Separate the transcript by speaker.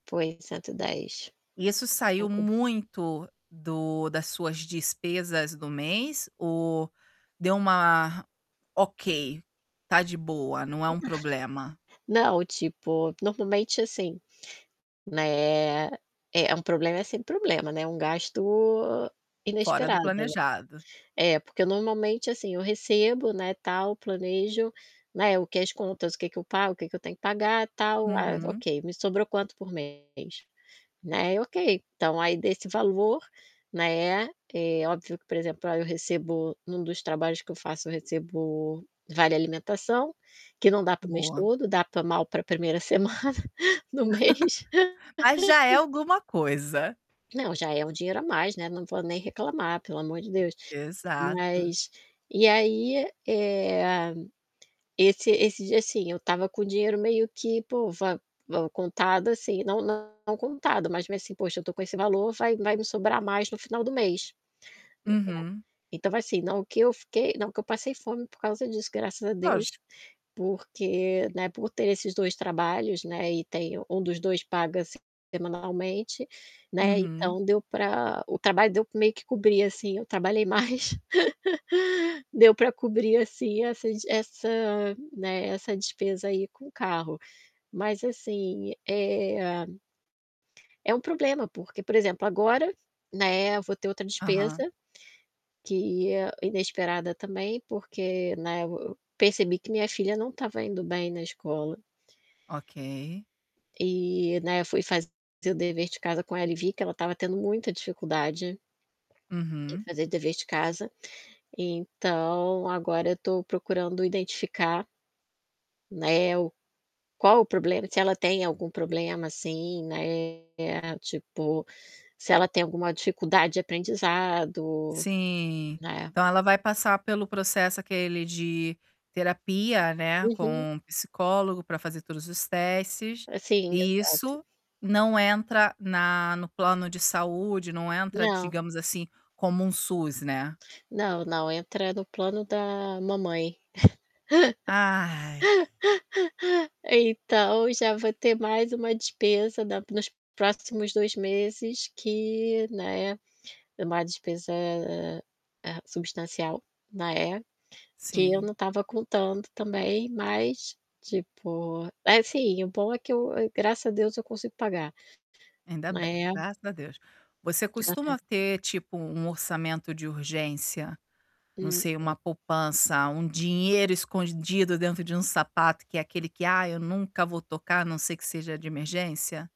Speaker 1: Foi, 110.
Speaker 2: Isso saiu
Speaker 1: cento e
Speaker 2: muito do das suas despesas do mês ou deu uma: "Ok, tá de boa, não é um problema."?
Speaker 1: Não, tipo, normalmente assim, né, é, um problema sem problema, né, um gasto
Speaker 2: Fora do
Speaker 1: inesperado, né.
Speaker 2: planejado.
Speaker 1: É, porque normalmente assim eu recebo, né, tal, planejo, né, o que é as contas, o que que eu pago, o que que eu tenho que pagar, tal, ah,
Speaker 2: Uhum.
Speaker 1: ok, me sobrou quanto por mês? Né, ok. Então aí desse valor, né, é óbvio que, por exemplo, ah, eu recebo, num dos trabalhos que eu faço, eu recebo vale alimentação, que não dá para o mês
Speaker 2: Boa.
Speaker 1: todo, dá pra mal pra 1º semana do mês.
Speaker 2: Mas já é alguma coisa.
Speaker 1: Não, já é um dinheiro a mais, né, não vou nem reclamar, pelo amor de Deus.
Speaker 2: Exato.
Speaker 1: Mas e aí, eh, esse esse dia, assim, eu estava com o dinheiro meio que, pô, va va contado assim, não não contado, mas meio assim: "Poxa, eu tô com esse valor, vai vai me sobrar mais no final do mês". [unintelligible]
Speaker 2: Uhum.
Speaker 1: Então assim, não que eu fiquei não que eu passei fome por causa disso, graças a Deus,
Speaker 2: Lógico.
Speaker 1: porque, né, por ter esses 2 trabalhos, né, e tenho 1 dos 2 paga semanalmente, né,
Speaker 2: Uhum.
Speaker 1: então deu pra o trabalho deu meio que cobrir assim, eu trabalhei mais, deu pra cobrir, assim, essa des essa né, essa despesa aí com o carro. Mas assim, eh é um problema, porque, por exemplo, agora, né, vou ter outra
Speaker 2: Aham.
Speaker 1: despesa que é inesperada também, porque, né, eu v percebi que minha filha não estava indo bem na escola.
Speaker 2: Ok.
Speaker 1: E, né, fui fazer o dever de casa com ela e vi que ela estava tendo muita dificuldade em
Speaker 2: Uhum.
Speaker 1: fazer dever de casa. Então agora eu tô procurando identificar né, o qual o problema, se ela tem algum problema, assim, né, tipo, se ela tem alguma dificuldade de aprendizado,
Speaker 2: Sim.
Speaker 1: né.
Speaker 2: Então ela vai passar pelo processo, aquele de terapia, né,
Speaker 1: Uhum.
Speaker 2: com psicólogo pra fazer todos os testes
Speaker 1: Pra sim,
Speaker 2: e
Speaker 1: exato.
Speaker 2: isso não entra na no plano de saúde, não entra,
Speaker 1: Não.
Speaker 2: digamos assim, como um SUS, né?
Speaker 1: Não, não, entra no plano da mamãe.
Speaker 2: Ai!
Speaker 1: Então já vou ter mais uma despesa da nos próximos 2 meses que, né, uma despesa, eh, substancial, né, que eu
Speaker 2: Sim.
Speaker 1: não estava contando também, mas, tipo assim, o bom é que eu graças a Deus, eu consigo pagar,
Speaker 2: Ainda bem,
Speaker 1: né.
Speaker 2: graças a Deus. Você
Speaker 1: Aham.
Speaker 2: costuma ter, tipo, um orçamento de urgência, não sei, uma
Speaker 1: Mm-mm.
Speaker 2: poupança, um dinheiro escondido dentro de um sapato, que é aquele que: "Ah, eu nunca vou tocar, a não ser que seja de emergência."?